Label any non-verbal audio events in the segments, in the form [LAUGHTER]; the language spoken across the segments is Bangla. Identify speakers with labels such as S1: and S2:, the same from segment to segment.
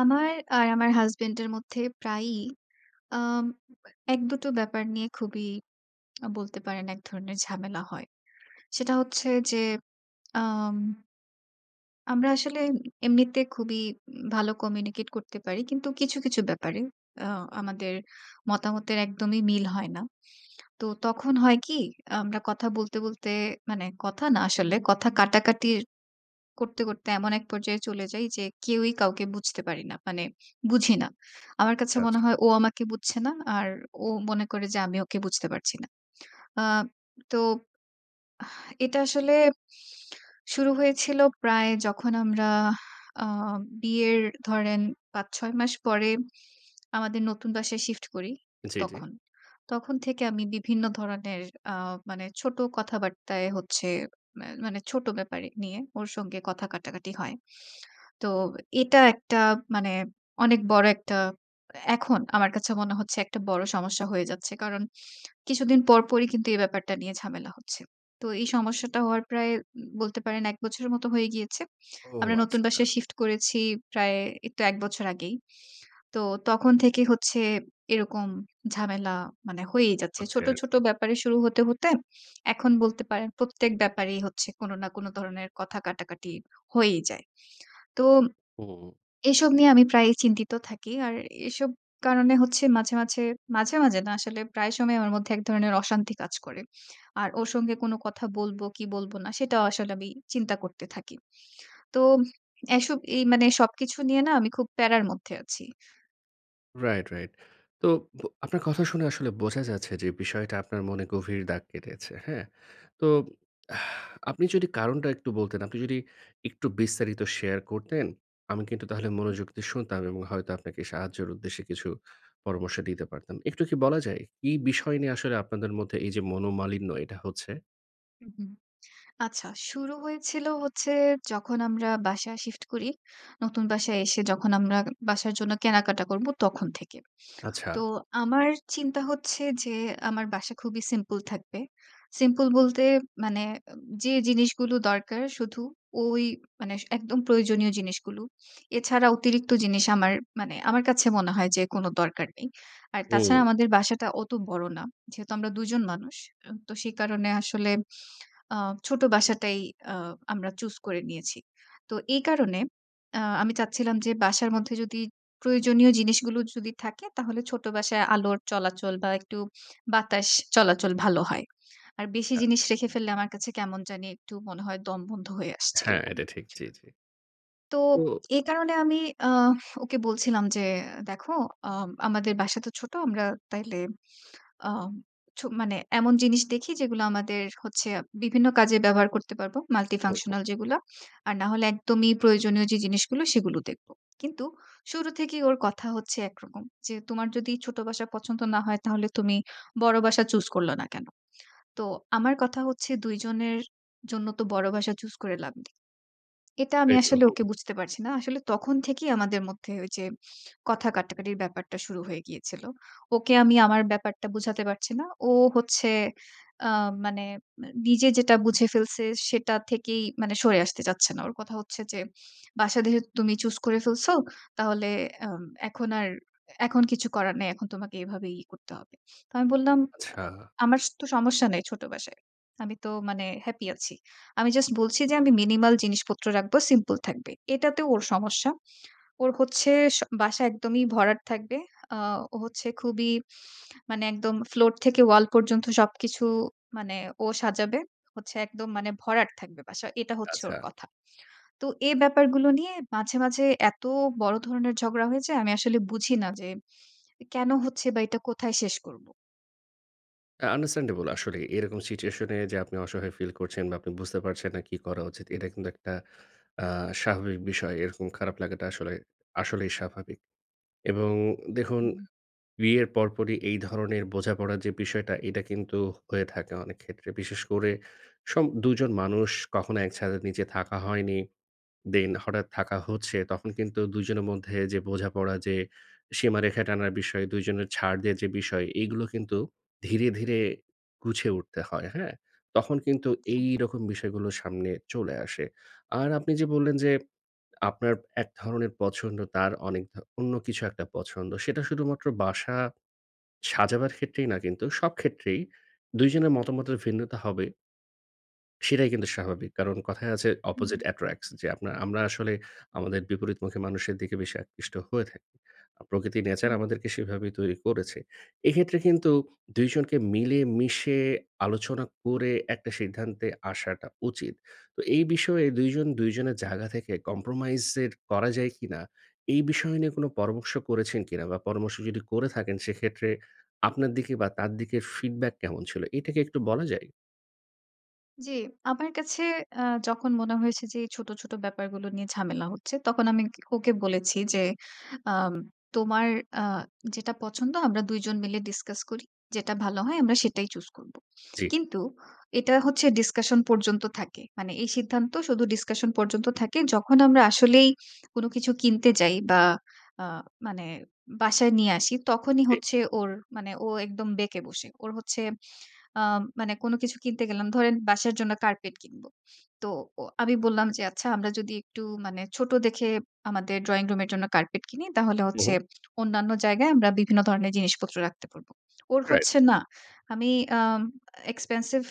S1: আমার আর আমার husband এর মধ্যে প্রায়ই আম এক-দুটো ব্যাপার নিয়ে খুবই বলতে পারেন একধরনের ঝামেলা হয়। সেটা হচ্ছে যে, আম আমরা আসলে এমনিতে খুবই উম ভালো communicate করতে পারি। কিন্তু কিছু, কিছু ব্যাপারে আ আমাদের মতামতের একদমই মিল হয় না। তো তখন হয় কী, আমরা কথা বলতে, বলতে মানে কথা না আসলে কথা কাটাকাটি করতে, করতে এমন এক পর্যায়ে চলে যাই যে, কেউই কাউকে বুঝতে পারি না মানে বুঝি না। আমার কাছে
S2: আচ্ছা,
S1: মনে
S2: আচ্ছা।
S1: হয় ও আমাকে বুঝছে না, আর ও মনে করে যে, আমি ওকে বুঝতে পারছি না। আ তো আহ এটা আসলে শুরু হয়েছিল প্রায় যখন আমরা আ বিয়ের ধরেন ৫ ৬ মাস পরে আমাদের নতুন বাসায় shift করি
S2: জ্বী, জ্বী।
S1: তখন। তখন থেকে আমি বিভিন্ন ধরনের আ মানে ছোট কথাবার্তায় হচ্ছে মান মানে ছোট ব্যাপার নিয়ে ওর সঙ্গে কথা কাটাকাটি হয়। তো এটা একটা মানে অনেক বড় একটা এখন আমার কাছে মনে হচ্ছে একটা বড় সমস্যা হয়ে যাচ্ছে। কারণ কিছুদিন পরপরই কিন্তু এই ব্যাপারটা নিয়ে ঝামেলা হচ্ছে। তো এই সমস্যাটা হওয়ার প্রায় উম বলতে পারেন ১ বছরের মতো হয়ে গিয়েছে।
S2: ও
S1: আমরা নতুন
S2: আচ্ছা।
S1: বাসা shift করেছি প্রায় এইতো ১ বছর আগেই। তো তখন থেকে হচ্ছে এরকম ঝামেলা মানে হয়েই যাচ্ছে।
S2: হচ্ছে
S1: ছোট, ছোট
S2: আরকি।
S1: ব্যাপারে শুরু হতে, হতে এখন বলতে পারেন প্রত্যেক ব্যাপারেই হচ্ছে কোন না কোন ধরনের কথা কাটাকাটি হয়েই যায়। তো
S2: হুম।
S1: এসব নিয়ে আমি প্রায়ই চিন্তিত থাকি। আর এসব কারণে হচ্ছে মাঝে মাঝে মাঝে, মাঝে না আসলে প্রায় সময় আমার মধ্যে এক ধরনের অশান্তি কাজ করে। আর ওর সঙ্গে কোন কথা বলবো কি বলবো না সেটাও আসলে আমি চিন্তা করতে থাকি। তো এসব এই মানে সবকিছু নিয়ে না আমি খুব প্যারার মধ্যে আছি।
S2: Right, right. তো বো আপনার কথা শুনে আসলে বোঝা যাচ্ছে যে বিষয়টা আপনার মনে গভীর দাগ কেটেছে। হ্যাঁ? তো আপনি যদি কারনটা একটু বলতেন, আপনি যদি একটু বিস্তারিত শেয়ার করতেন, আমি কিন্তু তাহলে মনোযোগ দিয়ে শুনতাম এবং হয়তো আপনাকে সাহায্যের উদ্দেশ্যে কিছু পরামর্শ দিতে পারতাম। একটু কি বলা যায়? এই বিষয় নিয়ে আসলে আপনাদের মধ্যে এই যে মনোমালিন্য এটা হচ্ছে?
S1: হুম, হুম। আচ্ছা শুরু হয়েছিল হচ্ছে যখন আমরা বাসা শিফট করি, নতুন বাসায় এসে যখন আমরা বাসার জন্য কেনাকাটা করব তখন থেকে।
S2: আচ্ছা।
S1: তো আমার চিন্তা হচ্ছে যে, আমার বাসা খুবই সিম্পল থাকবে। সিম্পল বলতে মানে অ্যা যে জিনিসগুলো দরকার, শুধু ঐ মানে একদম প্রয়োজনীয় জিনিসগুলো এছাড়া অতিরিক্ত জিনিস আমার মানে আমার কাছে মনে হয় যে কোন দরকার নেই। আর তাছাড়া
S2: হুম।
S1: আমাদের বাসাটা অত বড় না। যেহেতু আমরা ২ জন মানুষ। অ্যা তো সে কারনে আসলে আ ছোট বাসাটাই আ আমরা চুজ করে নিয়েছি। তো এ কারনে আ আমি চাচ্ছিলাম যে বাসার মধ্যে যদি প্রয়োজনীয় জিনিসগুলো যদি থাকে, তাহলে ছোট বাসায় আলোর চলাচল বা একটু বাতাস চলাচল ভালো হয়। আর বেশি
S2: আ
S1: জিনিস রেখে ফেললে আমার কাছে কেমন জানি একটু মনে হয় দমবন্ধ হয়ে আসছে
S2: হ্যাঁ,
S1: এরকম।
S2: এটা ঠিক। জি, জি।
S1: তো
S2: ও!
S1: এ কারণে আমি আ ওকে বলছিলাম যে, দেখো অম আমাদের বাসা তো ছোট। আমরা তাইলে আম ছো মানে এমন জিনিস দেখি যেগুলা আমাদের হচ্ছে বিভিন্ন কাজে ব্যবহার করতে পারব।
S2: ওহো!
S1: multifunctional যেগুলা। আর না হলে একদমই প্রয়োজনীয় যে জিনিসগুলো সেগুলো দেখব। কিন্তু শুরু থেকেই ওর কথা হচ্ছে একরকম। যে, "তোমার যদি ছোট বাসা পছন্দ না হয় তাহলে তুমি বড় বাসা চুজ করলা না কেন?" তো আমার কথা হচ্ছে ২ জনের জন্য তো বড় বাসা চুজ করে লাভ নেই। এটা আমি
S2: এক
S1: আসলে ওকে
S2: রকম।
S1: বুঝতে পারছি না। আসলে তখন থেকেই আমাদের মধ্যে ঐ যে কথা কাটাকাটির ব্যাপারটা শুরু হয়ে গিয়েছিল। ওকে আমি আমার ব্যাপারটা বুঝাতে পারছি না। ও হচ্ছে অ্যা মানে অ্যা নিজে যেটা বুঝে ফেলছে, সেটা থেকেই মানে সরে আসতে চাচ্ছে না। ওর কথা হচ্ছে যে, "বাসা দেখে তো তুমি চুজ করে ফেলছো, তাহলে অ্যাম এখন আর, এখন কিছু করার নাই। এখন তোমাকে এভাবেই করতে হবে।" তো আমি বললাম, আ
S2: আচ্ছা।
S1: "আমার স তো সমস্যা নাই ছোট বাসায়। আমি তো মানে হ্যাপি আছি। আমি জাস্ট বলছি যে, আমি মিনিমাল জিনিসপত্র রাখব, সিম্পল থাকবে।" এটাতেও ওর সমস্যা। ওর হচ্ছে স বাসা একদমই ভরাট থাকবে। আ ও হচ্ছে খুবই মানে একদম ফ্লোর থেকে ওয়াল পর্যন্ত সবকিছু মানে ও সাজাবে। হচ্ছে একদম মানে ভরাট থাকবে বাসা। এটা হচ্ছে
S2: আচ্ছা।
S1: ওর কথা। তো এ ব্যাপারগুলো নিয়ে, মাঝে, মাঝে এত বড় ধরনের ঝগড়া হয়ে যায় আমি আসলে বুঝি না যে কেন হচ্ছে? বা এটা কোথায় শেষ করব?
S2: হ্যাঁ, understandable আসলেই এরকম situation এ যে, আপনি অসহায় feel করছেন বা আপনি বুঝতে পারছেন না কি করা উচিত। এটা কিন্তু একটা আ স্বাভাবিক বিষয়। এরকম খারাপ লাগাটা আসলে আসলেই স্বাভাবিক এবং দেখুন
S1: হুম, হুম।
S2: বিয়ের পরপরই এই ধরনের বোঝাপড়ার যে বিষয়টা, এটা কিন্তু হয়ে থাকে অনেক ক্ষেত্রে। বিশেষ করে সম ২ জন মানুষ কখনো এক ছাদের নিচে থাকা হয়নি। Then হঠাৎ থাকা হচ্ছে তখন কিন্তু ২ জনের মধ্যে যে বোঝাপড়া, যে সীমারেখা টানার বিষয়, ২ জনের ছাড় দেয়ার যে বিষয়, এগুলো কিন্তু ধীরে, ধীরে গুছিয়ে উঠতে হয়। হ্যাঁ? তখন কিন্তু এইরকম বিষয়গুলো সামনে চলে আসে। আর আপনি যে বললেন যে, আপনার এক ধরনের পছন্দ, তার অনেক অন্য কিছু একটা পছন্দ। সেটা শুধুমাত্র বাসা সাজাবার ক্ষেত্রেই না কিন্তু সব ক্ষেত্রেই ২ জনের মতামতের ভিন্নতা হবে। সেটাই কিন্তু স্বাভাবিক কারণ কথায় আছে
S1: হুম,
S2: opposite
S1: হুম।
S2: attracts। যে, আপনার আমরা আসলে আমাদের বিপরীতমুখী মানুষের দিকে বেশি আকৃষ্ট হয়ে থাকি। প্রকৃতি, nature
S1: হুম।
S2: আমাদেরকে সেভাবেই তৈরি করেছে। এক্ষেত্রে কিন্তু ২ জনকে মিলেমিশে আলোচনা করে একটা সিদ্ধান্তে আসাটা উচিত। তো এই বিষয়ে ২ জন ২ জনের জায়গা থেকে compromise এর করা যায় কিনা, এই বিষয় নিয়ে কোনো পরামর্শ করেছেন কিনা বা পরামর্শ যদি করে থাকেন সেক্ষেত্রে আপনার দিকে বা তার দিকের feedback কেমন ছিল? এটা কি একটু বলা যায়?
S1: জ্বী, আমার কাছে আ যখন মনে হয়েছে যে, এই ছোট, ছোট ব্যাপারগুলো নিয়ে ঝামেলা হচ্ছে তখন আমি ওকে বলেছি যে, আ তোমার আ যেটা পছন্দ আমরা ২ জন মিলে discuss করি। যেটা ভালো হয় আমরা সেটাই choose করবো।
S2: জ্বী।
S1: কিন্তু এটা হচ্ছে discussion পর্যন্ত থাকে। মানে এই সিদ্ধান্ত শুধু discussion পর্যন্ত থাকে। যখন আমরা আসলেই কোনো কিছু কিনতে যাই বা আ মানে বাসায় নিয়ে আসি তখনি হচ্ছে ওর মানে ও একদম বেঁকে বসে। ওর হচ্ছে আ মানে কোন কিছু কিনতে গেলাম, ধরেন বাসার জন্য carpet কিনব। তো ও আমি বললাম যে, আচ্ছা আমরা যদি একটু মানে ছোট দেখে আমাদের drawing room এর জন্য carpet কিনি তাহলে
S2: হুম,
S1: হচ্ছে
S2: হুম।
S1: অন্যান্য জায়গায় আমরা বিভিন্ন ধরনের জিনিসপত্র রাখতে পারব। ওর
S2: রাইট।
S1: হচ্ছে না। আমি আ expensive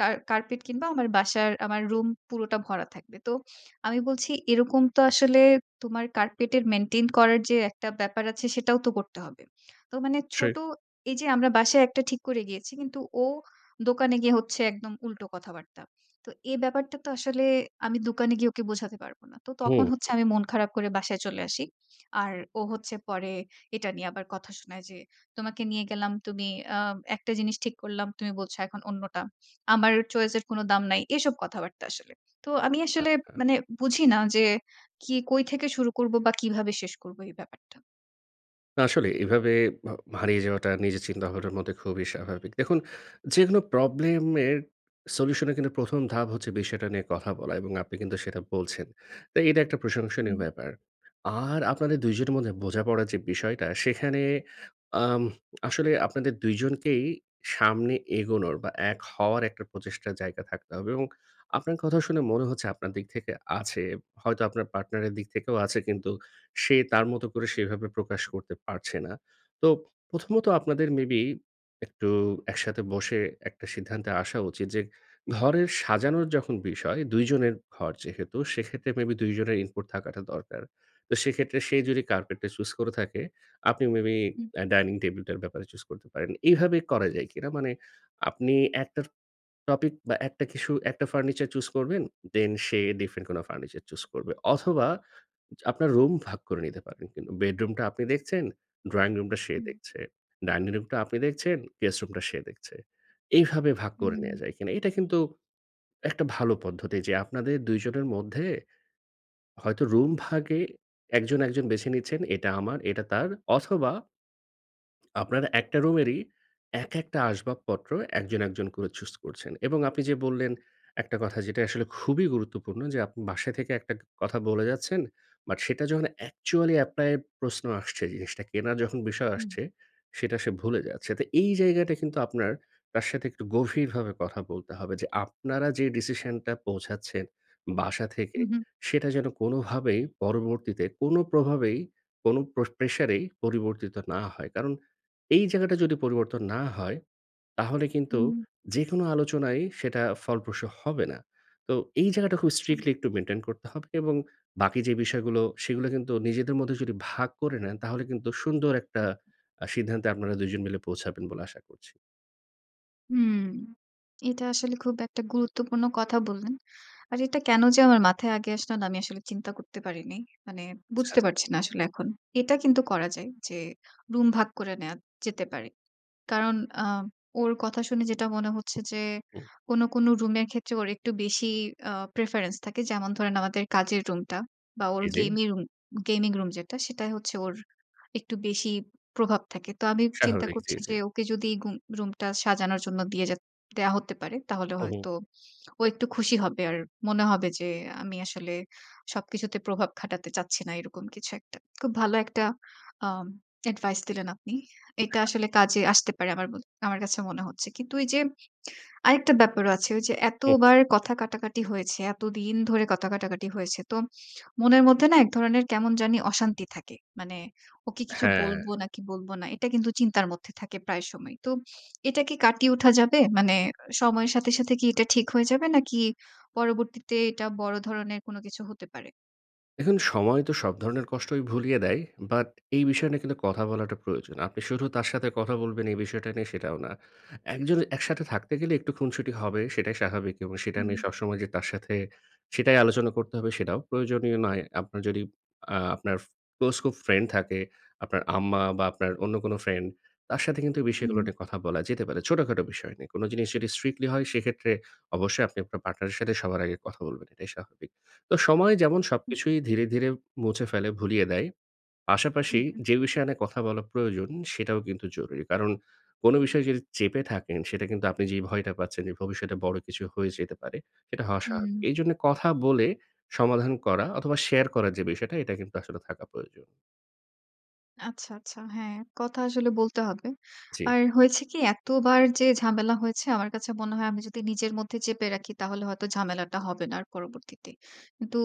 S1: কার carpet কিনব। আমার বাসার আমার রুম পুরোটা ভরা থাকবে। তো আমি বলছি এরকম তো আসলে তোমার carpet এর maintain করার যে, একটা ব্যাপার আছে সেটাও তো করতে হবে। তো মানে
S2: সেই।
S1: ছোট এই যে, আমরা বাসায় একটা ঠিক করে গিয়েছি কিন্তু ও দোকানে গিয়ে হচ্ছে একদম উল্টো কথাবার্তা। তো এই ব্যাপারটা তো আসলে আমি দোকানে গিয়ে ওকে বোঝাতে পারব না। তো তখন
S2: হুম,
S1: হচ্ছে
S2: হুম।
S1: আমি মন খারাপ করে বাসায় চলে আসি। আর ও হচ্ছে পরে এটা নিয়ে আবার কথা শোনায় যে, তোমাকে নিয়ে গেলাম, তুমি আ একটা জিনিস ঠিক করলাম, তুমি বলছো এখন অন্যটা। আমার choice এর কোন দাম নাই। এসব কথাবার্তা আসলে। তো আমি আসলে
S2: আচ্ছা।
S1: মানে বুঝি না যে, কি কই থেকে শুরু করব বা কিভাবে শেষ করব এই ব্যাপারটা।
S2: না আসলে এভাবে ভাউ হারিয়ে যাওয়াটা নিজের চিন্তাভাবনার মধ্যে খুবই স্বাভাবিক। দেখুন যেকোনো প্রবলেম এর সলিউশন এর কিন্তু ১ম ধাপ হচ্ছে বিষয়টা নিয়ে কথা বলা এবং আপনি কিন্তু সেটা বলছেন। তো এটা একটা প্রশংসনীয়
S1: হুম।
S2: ব্যাপার। আর আপনাদের ২ জনের মধ্যে বোঝাপড়া যে বিষয়টা সেখানে আম আসলে আপনাদের ২ জনকেই সামনে এগোনোর বা এক হওয়ার একটা প্রচেষ্টার জায়গা থাকতে হবে এবং আপনার কথা শুনে মনে হচ্ছে আপনার দিক থেকে আছে, হয়তো আপনার পার্টনার এর দিক থেকেও আছে কিন্তু সে তার মতো করে সেভাবে প্রকাশ করতে পারছে না। তোপ প্রথমত আপনাদের মেবি একটু একসাথে বসে একটা সিদ্ধান্তে আসা উচিত যে ঘরের সাজানোর যখন বিষয় ২ জনের ঘর যেহেতু সেক্ষেত্রে মেবি ২ জনের input থাকাটা দরকার। তো সেক্ষেত্রে সেই যদি কার্পেট টা choose করে থাকে, আপনি মেবি
S1: হুম।
S2: আ ডাইনিং টেবল টার ব্যাপারে choose করতে পারেন। এভাবে করা যায় কিনা? মানে আপনি একটার টপিক বা একটা কিছু একটা ফার্নিচার চুজ করবেন, দেন সে different কোন ফার্নিচার চুজ করবে অথবা যা আপনার রুম ভাগ করে নিতে পারেন কিন্তু বেডরুম টা আপনি দেখছেন, ড্রাইং রুমটা সে
S1: হুম।
S2: দেখছে। ডাইনিং রুমটা আপনি দেখছেন, গেস্ট রুমটা সে দেখছে। এইভাবে ভাগ
S1: হুম,
S2: করে
S1: হুম,
S2: নেয়া
S1: হুম।
S2: যায় কিনা? এইটা কিন্তু একটা ভালো পদ্ধতি যে আপনাদের ২ জনের মধ্যে হয়তো রুম ভাগে একজন, একজন বেছে নিচ্ছেন এটা আমার এটা তার অথবা আপনারা একটা রুমেরই এক একটা আসবাবপত্র একজন, একজন করে চুজ করছেন এবং আপনি যে বললেন, একটা কথা যেটাই আসলে খুবই গুরুত্বপূর্ণ যে আপনি বাসায় থেকে একটা গ কথা বলে যাচ্ছেন বাট সেটা যখন অ্যাকচুয়ালি এপ্লাই এর প্রশ্ন আসছে জিনিসটা কেনা যখন বিষয়
S1: হুম।
S2: আসছে, সেটা সে ভুলে যাচ্ছে। তো এই জায়গায় কিন্তু আপনার তার সাথে একটু গভীরভাবে কথা বলতে হবে যে আপনারা যে ডিসিশন টা পৌঁছাচ্ছেন, বাসা থেকে
S1: হুম, হুম।
S2: সেটা যেন কোনভাবেই পরবর্তীতে কোন প্রভাবেই কোন প্র প্রেশার এই পরিবর্তিত না হয়। কারণ এই জায়গাটা যদি পরিবর্তন না হয়, তাহলে কিন্তু
S1: হুম।
S2: যেকোনো আলোচনায় সেটা ফলপ্রসূ হবে না। তো এই জায়গাটা খুব
S1: আচ্ছা।
S2: স্ট্রিক্টলি একটু মেইনটেইন করতে হবে এবং বাকি যে বিষয়গুলো সেগুলা কিন্তু নিজেদের মধ্যে যদি ভাগ করে নেন তাহলে কিন্তু সুন্দর একটা আ সিদ্ধান্তে আপনারা ২ জন মিলে পৌঁছাবেন বলে আশা করছি।
S1: হুম। এটা আসলে খুব একটা গুরুত্বপূর্ণ কথা বললেন। আর এটা কেন যে, আমার মাথায় আগে আসলোনা আমি আসলে চিন্তা করতে পারিনি। মানে বুঝতে
S2: আচ্ছা।
S1: পারছি না আসলে এখন। এটা কিন্তু করা যায় যে, রুম ভাগ করে নেওয়া যেতে পারে। কারণ আ ওর কথা শুনে যেটা মনে হচ্ছে যে,
S2: হুম।
S1: কোন, কোন রুমের ক্ষেত্রে ওর একটু বেশি আ preference থাকে। যেমন ধরেন আমাদের কাজের রুমটা বা ওর
S2: জ্বি, জ্বি।
S1: gami room gaming room যেটা সেটাই হচ্ছে ওর একটু বেশি প্রভাব থাকে। তো আমি চিন্তা
S2: স্বাভাবিক। জ্বি,
S1: করছি
S2: জ্বি।
S1: যে, ওকে যদি গুম রুমটা সাজানোর জন্য দিয়ে জে দেয়া হতে পারে, তাহলে
S2: হুম, হুম।
S1: হয়তো ও একটু খুশি হবে। আর মনে হবে যে, আমি আসলে সবকিছুতে প্রভাব খাটাতে চাচ্ছি না এরকম কিছু একটা। খুব ভালো একটা আম advice দিলেন আপনি। এটা
S2: [UNINTELLIGIBLE]
S1: আসলে কাজে আসতে পারে আমার ম আমার কাছে মনে হচ্ছে। কিন্তু ওই যে, আরেকটা ব্যাপারও আছে ওই যে,
S2: হুম, হুম।
S1: এতবার কথা কাটাকাটি হয়েছে, এতদিন ধরে কথা কাটাকাটি হয়েছে। তো মনের মধ্যে না এক ধরনের কেমন জানি অশান্তি থাকে। মানে ওকে কিছু
S2: হ্যাঁ।
S1: বলব নাকি বলবো না এটা কিন্তু চিন্তার মধ্যে থাকে প্রায় সময়। তো এটা কি কাটিয়ে উঠা যাবে? মানে সময়ের সাথে, সাথে কি এটা ঠিক হয়ে যাবে নাকি পরবর্তীতে এটা বড় ধরনের কোন কিছু হতে পারে?
S2: দেখুন, সময় তো সব ধরনের কষ্টই ভুলিয়ে দেয়। বাট এই বিষয় নিয়ে কিন্তু কথা বলাটা প্রয়োজন। আপনি শুধু তার সাথে কথা বলবেন এই বিষয় টা নিয়ে, সেটাও না। একজন একসাথে থাকতে গেলে একটু খুনসুটি হবে সেটাই স্বাভাবিক এবং সেটা নিয়ে
S1: হুম।
S2: সবসময় যে তার সাথে, সেটাই আলোচনা করতে হবে, সেটাও প্রয়োজনীয় নয়। আপনার যদি আ আপনার ফো ক্লোজ খুব ফ্রেন্ড থাকে, আপনার আম্মা বা আপনার অন্য কোনো ফ্রেন্ড, তার সাথে কিন্তু এই বিষয়গুলো
S1: উহু।
S2: নিয়ে কথা বলা যেতে পারে, ছোটখাটো বিষয় নিয়ে। কোনো জিনিস যদি strictly হয়,
S1: আচ্ছা।
S2: সেক্ষেত্রে অবশ্যই আপনি আপনার পার্টনারের সাথে সবার আগে কথা বলবেন এটাই স্বাভাবিক। তো সময় যেমন
S1: হু।
S2: সবকিছুই ধীরে, ধীরে মুছে ফেলে, ভুলিয়ে দেয়,
S1: হু,
S2: পাশাপাশি
S1: হু।
S2: যে বিষয় নিয়ে কথা বলা প্রয়োজন, সেটাও কিন্তু জরুরি। কারণ কোনো বিষয় যদি চেপে থাকেন সেটা কিন্তু আপনি যেই ভয়টা পাচ্ছেন যে, ভবিষ্যতে বড় কিছু হয়ে যেতে পারে, সেটা হওয়া স্বাভাবিক।
S1: উম।
S2: এই জন্যে কথা বলে সমাধান করা অথবা শেয়ার করার যে বিষয় টা, এটা কিন্তু আসলে থাকা প্রয়োজন।
S1: আচ্ছা, আচ্ছা। হ্যাঁ, কথা আসলে বলতে হবে।
S2: জ্বী।
S1: আর হয়েছে কি এতবার যে ঝামেলা হয়েছে আমার কাছে মনে হয় আমি যদি নিজের মধ্যে চেপে রাখি তাহলে হয়তো ঝামেলাটা হবে না আর পরবর্তীতে। কিন্তু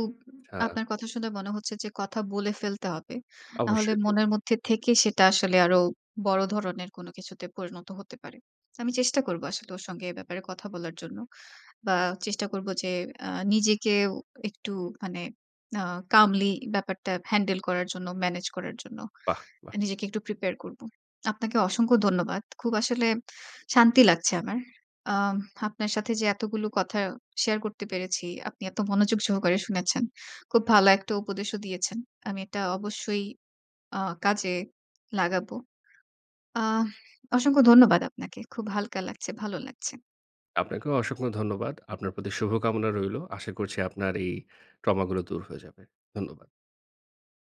S2: আচ্ছা।
S1: আপনার কথা শুনে মনে হচ্ছে যে কথা বলে ফেলতে হবে। নাহলে
S2: অবশ্যই। জ্বী,
S1: মনের
S2: জ্বী।
S1: মধ্যে থেকে সেটা আসলে আরো বড় ধরনের কোন কিছুতে পরিণত হতে পারে। আমি চেষ্টা
S2: হুম,
S1: করব
S2: হুম।
S1: আসলে ওর সঙ্গে এ ব্যাপারে কথা বলার জন্য। বা চেষ্টা করব যে আ নিজেকেও একটু মানে আ calmly ব্যাপারটা হ্যান্ডেল করার জন্য, মেনেজ করার জন্য।
S2: বাহ! বাহ!
S1: নিজেকে একটু prepare করব। আপনাকে অসংখ্য ধন্যবাদ। খুব আসলে শান্তি লাগছে আমার। আম আপনার সাথে যে এতগুলো কথা শেয়ার করতে পেরেছি, আপনি এত মনোযোগ সহকারে শুনেছেন। খুব ভালো একটা উপদেশও দিয়েছেন। আমি এটা অবশ্যই আ কাজে লাগাবো। আহ [EXHALES] অসংখ্য ধন্যবাদ আপনাকে। খুব হালকা লাগছে। ভালো লাগছে।
S2: আপনাকেও অসংখ্য ধন্যবাদ। আপনার প্রতি শুভকামনা রইলো। আশা করছি আপনার এই ট্রমা গুলো দূর হয়ে যাবে। ধন্যবাদ।